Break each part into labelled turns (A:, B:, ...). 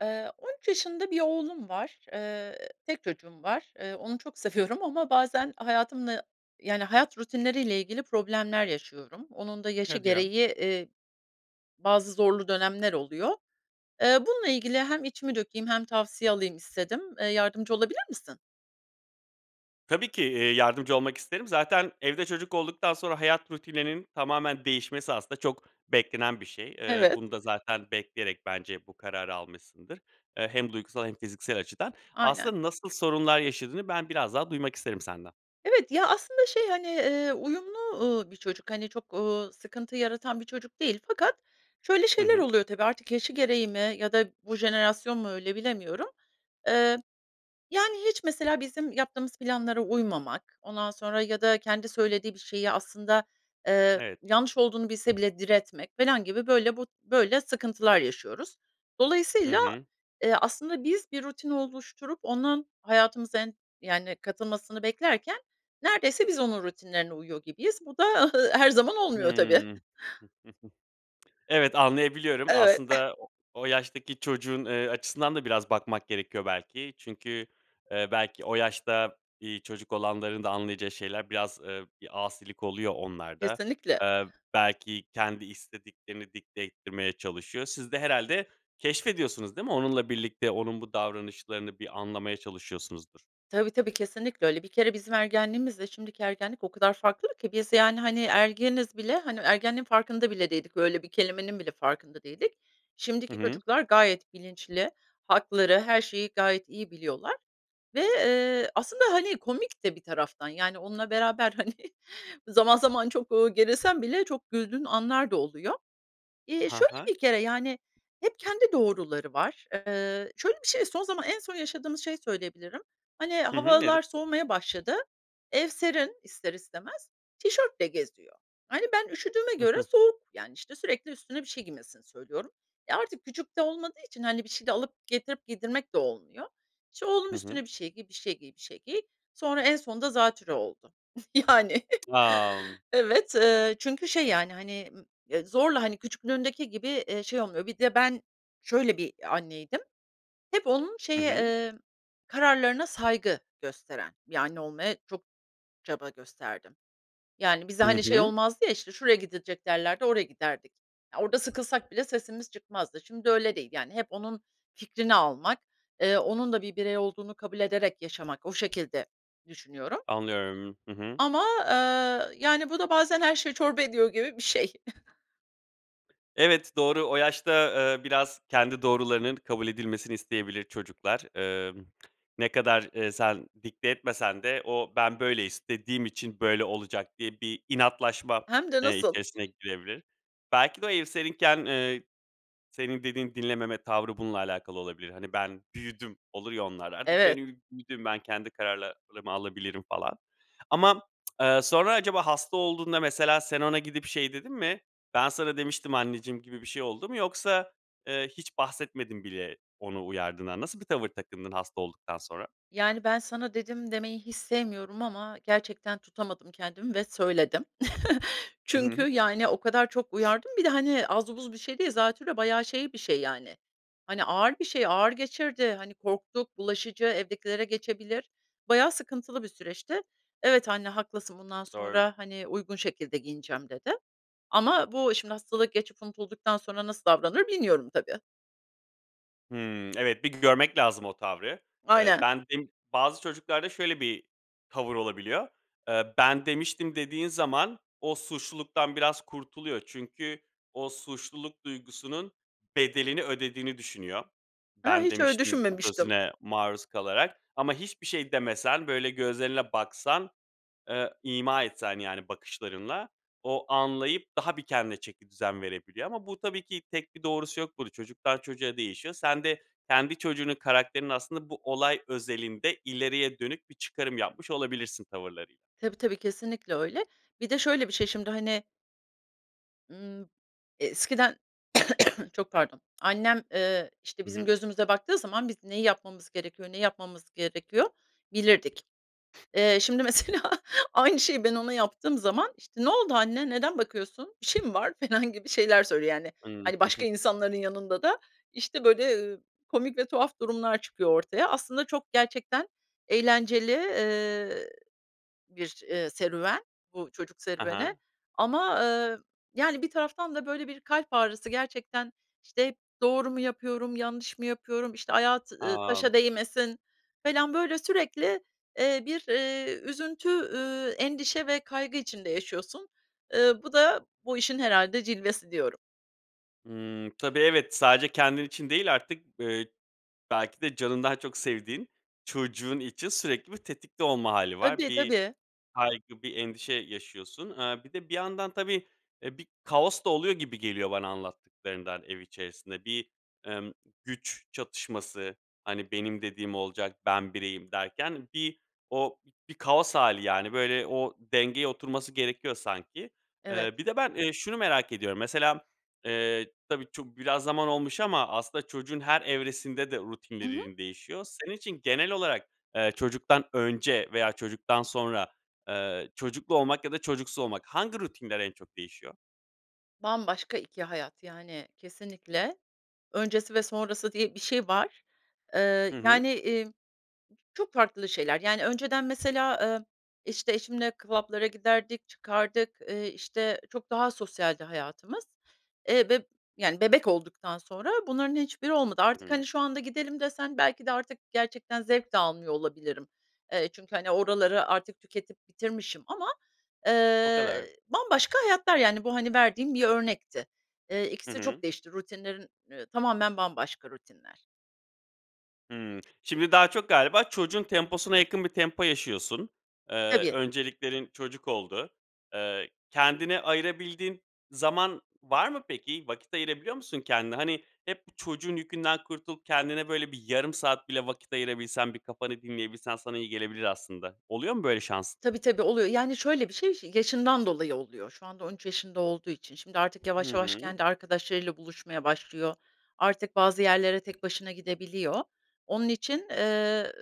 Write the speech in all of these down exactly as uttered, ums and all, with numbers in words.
A: Eee, on üç yaşında bir oğlum var. Eee, tek çocuğum var. Eee, onu çok seviyorum ama bazen hayatımla, yani, hayat rutinleriyle ilgili problemler yaşıyorum. Onun da yaşı
B: Hadi ya.
A: gereği, eee, bazı zorlu dönemler oluyor. Eee, bununla ilgili hem içimi dökeyim hem tavsiye alayım istedim. Eee, yardımcı olabilir misin?
B: Tabii ki, eee, yardımcı olmak isterim. Zaten evde çocuk olduktan sonra hayat rutininin tamamen değişmesi aslında çok beklenen bir şey. Eee,
A: Evet.
B: bunu da zaten bekleyerek bence bu kararı almışsındır. Eee, hem duygusal hem fiziksel açıdan.
A: Aynen.
B: Aslında nasıl sorunlar yaşadığını ben biraz daha duymak isterim senden.
A: Evet. Ya, aslında, şey, hani, eee, uyumlu, ııı, bir çocuk, hani, çok, ııı, sıkıntı yaratan bir çocuk değil, fakat şöyle
B: Hı
A: şeyler
B: hı.
A: oluyor, tabii, artık yaşı gereği mi ya da bu jenerasyon mu öyle, bilemiyorum. Eee, yani, hiç, mesela, bizim yaptığımız planlara uymamak, ondan sonra ya da kendi söylediği bir şeyi aslında, eee,
B: Evet.
A: yanlış olduğunu bilse bile diretmek felan gibi, böyle, bu, böyle, sıkıntılar yaşıyoruz.
B: Hı
A: Dolayısıyla,
B: hı.
A: eee, aslında biz, bir rutin oluşturup onun hayatımıza en yani, katılmasını beklerken neredeyse biz onun rutinlerine uyuyor gibiyiz. Bu da her zaman olmuyor tabii.
B: Hımm. Evet, anlayabiliyorum.
A: Evet.
B: Aslında o o yaştaki çocuğun, eee, açısından da biraz bakmak gerekiyor belki. Çünkü, eee, belki o yaşta, iii, çocuk olanların da anlayacağı şeyler biraz, eee, bir asilik oluyor onlarda.
A: Kesinlikle.
B: Eee, belki kendi istediklerini dikte ettirmeye çalışıyor. Siz de herhâlde keşfediyorsunuz değil mi, onunla birlikte? Onun bu davranışlarını, bir, anlamaya çalışıyorsunuzdur.
A: Tabii tabii, kesinlikle öyle. Bir kere bizim ergenliğimizle şimdiki ergenlik o kadar farklı ki. Biz, yani, hani, ergeniz bile hani, o ergenliğin farkında bile değildik, böyle bir kelimenin bile farkında değildik.
B: Hı
A: Şimdiki
B: hı.
A: çocuklar gayet bilinçli. Hakları, her şeyi gayet iyi biliyorlar ve, eee, aslında, hani, komik de bir taraftan, yani, onunla beraber, hani, zaman zaman çok, eee, gerilsen bile çok güldüğün anlar da oluyor. Eee,
B: Hı
A: şöyle
B: hı.
A: bir kere, yani, hep kendi doğruları var. Eee, şöyle bir şey, son zaman en son yaşadığımız şeyi söyleyebilirim. Hani,
B: Hı hı. Evet.
A: havalar soğumaya başladı. Ev, serin ister istemez. Tişörtle geziyor. Hani, ben üşüdüğüme
B: Hı
A: göre
B: hı.
A: soğuk. Yani, işte, sürekli üstüne bir şey giymesini söylüyorum. E, artık küçük de olmadığı için, hani, bir şey de alıp getirip giydirmek de olmuyor. "İşte, oğlum
B: Hı hı.
A: üstüne bir şey giy, bir şey giy, bir şey giy." Sonra en sonunda zatürre oldu. Yani.
B: A!
A: Evet. Eee, çünkü şey, yani, hani, m eee, zorla, hani, küçüklüğündeki gibi, eee, şey olmuyor. Bir de ben şöyle bir anneydim; hep onun
B: Hı
A: şeye,
B: hı.
A: eee, kararlarına saygı gösteren bir anne olmaya çok çaba gösterdim. Yani, bize,
B: Hı
A: hani, şey
B: hı.
A: olmazdı ya, "İşte, şuraya gidilecek." derlerdi, oraya giderdik. Orada sıkılsak bile sesimiz çıkmazdı. Şimdi öyle değil, yani, hep onun fikrini almak, eee, onun da bir birey olduğunu kabul ederek yaşamak. O şekilde düşünüyorum
B: Anlıyorum. Hı hı.
A: ama, eee, yani, bu da bazen her şeyi çorba ediyor gibi bir şey.
B: Evet, doğru. O yaşta, eee, biraz kendi doğrularının kabul edilmesini isteyebilir çocuklar. Emm, ne kadar, eee, sen dikte etmesen de o, "Ben böyle istediğim için böyle olacak." diye bir inatlaşma,
A: Hem de
B: eee,
A: nasıl.
B: içerisine girebilir. Belki de o ev seninken, eee, senin dediğin dinlememe tavrı bununla alakalı olabilir. Hani, "Ben büyüdüm." olur ya onlar, artık ben
A: Evet.
B: ü büyüdüm, ben kendi kararlarımı alabilirim falan. Ama m eee, sonra acaba hasta olduğunda mesela sen ona gidip şey dedin mi? "Ben sana demiştim anneciğim." gibi bir şey oldu mu? Yoksa, eee, hiç bahsetmedin bile onu uyardığından. Nasıl bir tavır takındın hasta olduktan sonra?
A: Yani, "Ben sana dedim." demeyi hiç sevmiyorum ama gerçekten tutamadım kendimi ve söyledim.
B: I
A: Çünkü,
B: hı.
A: yani, o kadar çok uyardım bir de. Hani, az buz bir şey değil. Zatürre, bayağı şey bir şey, yani, hani, ağır bir şey. Ağır geçirdi, hani, korktuk. Bulaşıcı, evdekilere geçebilir. Bayağı sıkıntılı bir süreçti. "Evet anne, haklısın. Bundan
B: Doğru.
A: sonra, hani, uygun şekilde giyineceğim." dedi ama bu, şimdi, hastalığı geçip unutulduktan sonra nasıl davranır bilmiyorum tabii.
B: Hıı. Evet, bir görmek lazım o tavrı. Eee,
A: Aynen.
B: ben bim bazı çocuklarda şöyle bir tavır olabiliyor. Eee, "Ben demiştim." dediğin zaman o, suçluluktan biraz kurtuluyor. Çünkü o suçluluk duygusunun bedelini ödediğini düşünüyor,
A: Ha,
B: "Ben
A: hiç öyle
B: demiştim."
A: düşünmemiştim.
B: sözüne maruz kalarak. Ama hiçbir şey demesen, böyle, gözlerine baksan, eee, ima etsen, yani, bakışlarınla, o anlayıp daha bir kendine çekidüzen verebiliyor. Ama bu tabii ki, tek bir doğrusu yok bur Çocuktan çocuğa değişiyor. Sen de kendi çocuğunun karakterini aslında bu olay özelinde ileriye dönük bir çıkarım yapmış olabilirsin tavırlarıyla.
A: Tabii, tabii, kesinlikle öyle. Bir de, şöyle, bir şey, şimdi, hani ımm, eskiden, çok pardon, annem, ııı, işte,
B: Hı
A: bizim
B: hı.
A: gözümüze baktığı zaman biz neyi yapmamız gerekiyor, ne yapmamamız gerekiyor, bilirdik. Eee, şimdi, mesela, aynı şeyi ben ona yaptığım zaman, işte, "Ne oldu anne, neden bakıyorsun, bir şey mi var?" felan gibi şeyler söylüyor. Yani,
B: Hıı.
A: hani, başka insanların yanında da, işte, böyle, eee, komik ve tuhaf durumlar çıkıyor ortaya. Aslında çok, gerçekten eğlenceli, eee, bir, eee, serüven, bu çocuk
B: A
A: serüveni
B: ha.
A: ama, eee, yani, bir taraftan da, böyle, bir kalp ağrısı gerçekten. İşte, "Hep doğru mu yapıyorum, yanlış mı yapıyorum?" İşte, "Ayağı t eee,
B: A!
A: taşa değmesin." falan, böyle, sürekli, eee, bir, eee, üzüntü, eee, endişe ve kaygı içinde yaşıyorsun. Eee, bu da, bu işin herhâlde cilvesi diyorum.
B: Hımm. Tabii, evet, sadece kendin için değil artık b eee, belki de canından çok sevdiğin çocuğun için sürekli bir tetikte olma hâli var.
A: Tabii,
B: Bir
A: tabii.
B: kaygı, bir endişe yaşıyorsun. Iıı, bir de bir yandan tabii, eee, bir kaos da oluyor gibi geliyor bana anlattıklarından ev içerisinde. Bir, emm, güç çatışması, hani, "Benim dediğim olacak. Ben bireyim." derken. Bir o bi kaos hâli, yani, böyle, o dengeye oturması gerekiyor sanki.
A: Evet.
B: Eee, bir de ben, eee, şunu merak ediyorum. Mesela m eee, tabii, çuk biraz zaman olmuş ama aslında çocuğun her evresinde de
A: I hı.
B: rutinleririn değişiyor. Senin için genel olarak, eee, çocuktan önce veya çocuktan sonra, eee, çocuklu olmak ya da çocuksuz olmak. Hangi rutinler en çok değişiyor?
A: Bambaşka iki hayat, yani, kesinlikle öncesi ve sonrası diye bir şey var. Eee,
B: Hı hı.
A: yani, emm, çok farklı şeyler. Yani, önceden mesela, emm, işte, eşimle kvab giderdik, çıkardık, eee, işte, çok daha sosyaldi hayatımız. Eee, beb yani, bebek olduktan sonra bunların hiçbiri olmadı.
B: Hı
A: Artık,
B: hı.
A: hani, şu anda, "Gidelim." desen belki de artık gerçekten zevk de almıyor olabilirim. Eee, çünkü, hani, oraları artık tüketip bitirmişim ama,
B: O
A: eee,
B: kadar.
A: bambaşka hayatlar, yani, bu, hani, verdiğim bir örnekti. Eee,
B: Hı
A: ikisi de çok
B: hı.
A: değişti, rutinlerin tamamen bambaşka rutinler.
B: Hımm, şimdi daha çok galiba çocuğun temposuna yakın bir tempo yaşıyorsun. Eee,
A: Tabii.
B: önceliklerin çocuk oldu. Eee, kendine ayırabildiğin zaman var mı, peki? Vakit ayırabiliyor musun kendine? Hani, hep bu çocuğun yükünden kurtulup kendine, böyle, bir yarım saat bile vakit ayırabilsen, bir kafanı dinleyebilsen sana iyi gelebilir aslında. Oluyor mu böyle şans?
A: Tabii tabii, oluyor. Yani, şöyle bir şey şi yaşından dolayı oluyor, şu anda on üç yaşında olduğu için. Şimdi artık
B: Hı
A: yavaş yavaş
B: hı.
A: kendi arkadaşlarıyla buluşmaya başlıyor, artık bazı yerlere tek başına gidebiliyor. Onun için, eee,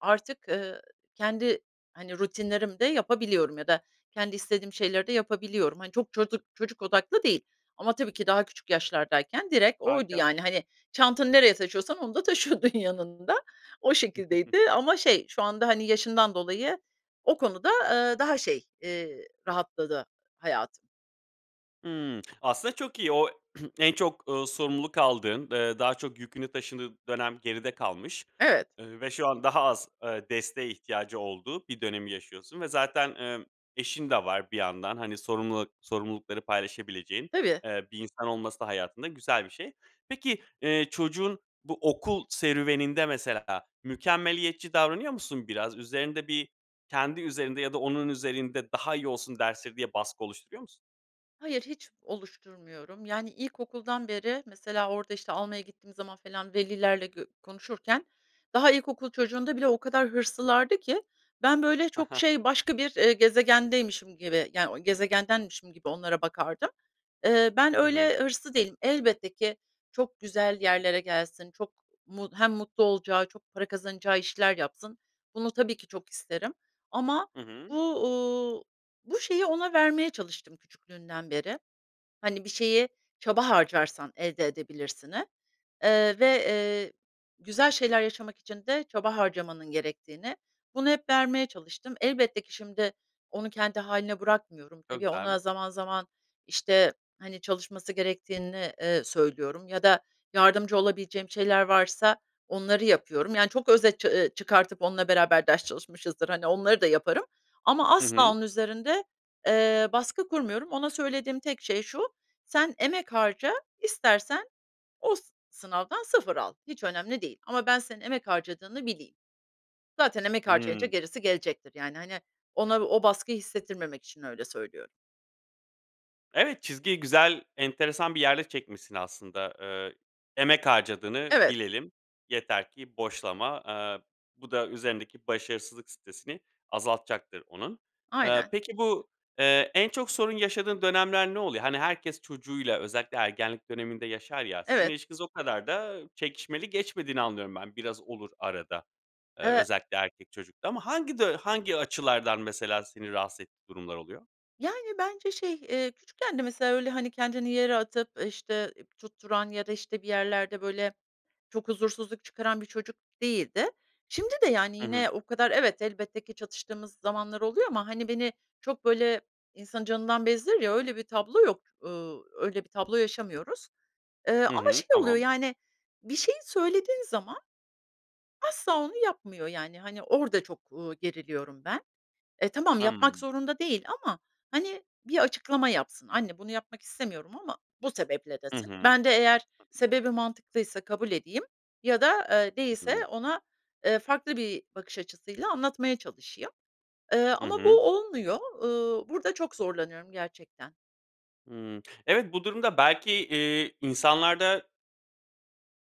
A: artık, ııı, kendi, hani, rutinlerimi de yapabiliyorum ya da kendi istediğim şeyleri de yapabiliyorum. Hani, çok çocuk çocuk odaklı değil. Ama tabii ki daha küçük yaşlardayken direkt oydu,
B: Harika.
A: yani. Hani, çantanı nereye taşıyorsan, onu da taşıyordun yanında. O şekildeydi, ama şey, şu anda, hani, yaşından dolayı, o konuda, eee, daha şey, eee, rahatladı hayatım.
B: Hımm, aslında çok iyi. O en çok, ııı, sorumluluk aldığın, eee, daha çok yükünü taşıdığın dönem geride kalmış,
A: Evet.
B: eee, ve şu an daha az, ııı, desteğe ihtiyacı olduğu bir dönemi yaşıyorsun ve zaten, emm, eşin de var bir yandan. Hani, sorumluluk sorumlulukları paylaşabileceğin,
A: Tabii.
B: eee, bir insan olması da hayatında güzel bir şey. Peki, eee, çocuğun bu okul serüveninde, mesela, mükemmeliyetçi davranıyor musun biraz? Üzerinde bir kendi üzerinde ya da onun üzerinde daha iyi olsun dersleri diye baskı oluşturuyor musun?
A: Hayır, hiç oluşturmuyorum. Yani, ilkokuldan beri mesela orada, işte, almaya gittiğim zaman falan velilerle gö konuşurken, daha ilkokul çocuğunda bile o kadar hırslılardı ki ben, böyle, çok, şey, başka bir, eee, gezegendeymişim gibi, yani, gezegendenmişim gibi onlara bakardım. Eee, ben
B: Hı hı.
A: öyle hırslı değilim. Elbette ki, çok güzel yerlere gelsin, çok mu hem mutlu olacağı, çok para kazanacağı işler yapsın. Bunu tabii ki çok isterim. Ama
B: Hı hı.
A: bu, ııı, bu şeyi ona vermeye çalıştım küçüklüğünden beri. Hani, “Bir şeyi çaba harcarsan elde edebilirsin”i, eee, ve, eee, güzel şeyler yaşamak için de çaba harcamanın gerektiğini. Bunu hep vermeye çalıştım. Elbette ki, şimdi, onu kendi hâline bırakmıyorum. Tabii, ona
B: [unintelligible]
A: zaman zaman, işte, hani, çalışması gerektiğini, eee, söylüyorum ya da yardımcı olabileceğim şeyler varsa onları yapıyorum. Yani, çok özet ça eee, çıkartıp onunla beraber ders çalışmışızdır, hani, onları da yaparım ama
B: Hı
A: asla
B: hı.
A: onun üzerinde, eee, baskı kurmuyorum. Ona söylediğim tek şey şu: “Sen emek harca, istersen o s sınavdan sıfır al. Hiç önemli değil. Ama ben senin emek harcadığını bileyim.” Zaten emek harcayınca
B: Hımm.
A: gerisi gelecektir, yani. Hani, ona o baskıyı hissettirmemek için öyle söylüyorum.
B: Evet, çizgiyi güzel, enteresan bir yerde çekmişsin aslında. Eee, “Emek harcadığını
A: Evet.
B: bilelim. Yeter ki boşlama.” Eee, bu da üzerindeki başarısızlık stresini azaltacaktır onun. Eee,
A: Aynen.
B: peki bu, eee, en çok sorun yaşadığın dönemler ne oluyor? Hani, herkes çocuğuyla özellikle ergenlik döneminde yaşar ya. Sizin
A: Evet.
B: ilişkiniz o kadar da çekişmeli geçmediğini anlıyorum ben. Biraz olur arada, eee,
A: E
B: özellikle erkek çocukta ama hangi du hangi açılardan mesela, seni rahatsız ettiği durumlar oluyor?
A: Yani, bence şey, eee, küçükken de mesela öyle, hani, kendini yere atıp, işte, tutturan ya da, işte, bir yerlerde, böyle, çok huzursuzluk çıkaran bir çocuk değildi. Şimdi de, yani,
B: Hı hı.
A: yine o kadar, evet, elbette ki çatıştığımız zamanlar oluyor. Ama, hani, beni çok, böyle, insanı canından bezdirir ya, öyle bir tablo yok. Iıı, öyle bir tablo yaşamıyoruz. Eee,
B: Hı
A: ama
B: hı,
A: şey oluyor,
B: tamam.
A: yani, bir şeyi söylediğin zaman asla onu yapmıyor. Yani, hani, orada çok, ııı, geriliyorum ben. E, tamam yapmak
B: Hımm.
A: zorunda değil ama, hani, bir açıklama yapsın, "Anne bunu yapmak istemiyorum ama bu sebeple"
B: Hı
A: desin.
B: hı. Hı
A: Ben de eğer
B: hı.
A: sebebi mantıklıysa kabul edeyim ya da, eee,
B: Hı hı.
A: değilse ona, eee, farklı bir bakış açısıyla anlatmaya çalışayım. Eee,
B: Hı
A: ama bu
B: hı.
A: olmuyor. Iıı, burada çok zorlanıyorum gerçekten.
B: Hıı. Evet, bu durumda, belki, eee, insanlarda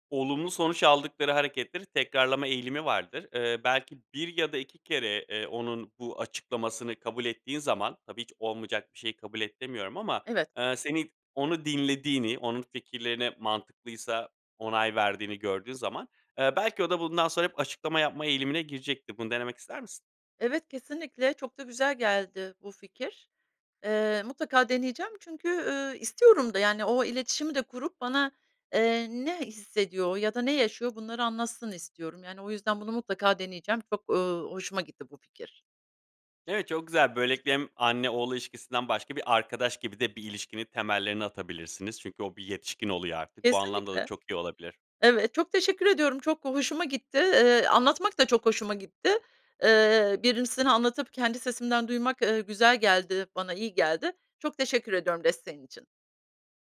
B: olumlu sonuç aldıkları hareketleri tekrarlama eğilimi vardır. Eee, belki bir ya da iki kere, eee, onun bu açıklamasını kabul ettiğin zaman, tabii hiç olmayacak bir şeyi kabul et demiyorum ama,
A: Evet.
B: eee, senin onu dinlediğini, onun fikirlerine mantıklıysa onay verdiğini gördüğü zaman, eee, belki, o da, bundan sonra hep açıklama yapma eğilimine girecektir. Bunu denemek ister misin?
A: Evet, kesinlikle çok da güzel geldi bu fikir. Eee, mutlaka deneyeceğim. Çünkü, ııı, istiyorum da, yani, o iletişimi de kurup bana, eee, ne hissediyor ya da ne yaşıyor, bunları anlatsın istiyorum. Yani, o yüzden bunu mutlaka deneyeceğim. Çok, ııı, hoşuma gitti bu fikir.
B: Evet. Çok güzel. Böylelikle, hem anne oğul ilişkisinden başka, bir arkadaş gibi de bir ilişkinin temellerini atabilirsiniz. Çünkü o, bir yetişkin oluyor artık, bu anlamda da
A: Kesinlikle.
B: çok iyi olabilir.
A: Evet, çok teşekkür ediyorum, çok hoşuma gitti. Eee, anlatmak da çok hoşuma gitti. Eee, Birimisine anlatıp kendi sesimden duymak, eee, güzel geldi, bana iyi geldi. Çok teşekkür ediyorum desteğin için.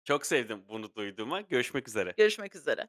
B: Çok sevdim, bunu duyduğuma. Görüşmek üzere.
A: Görüşmek üzere.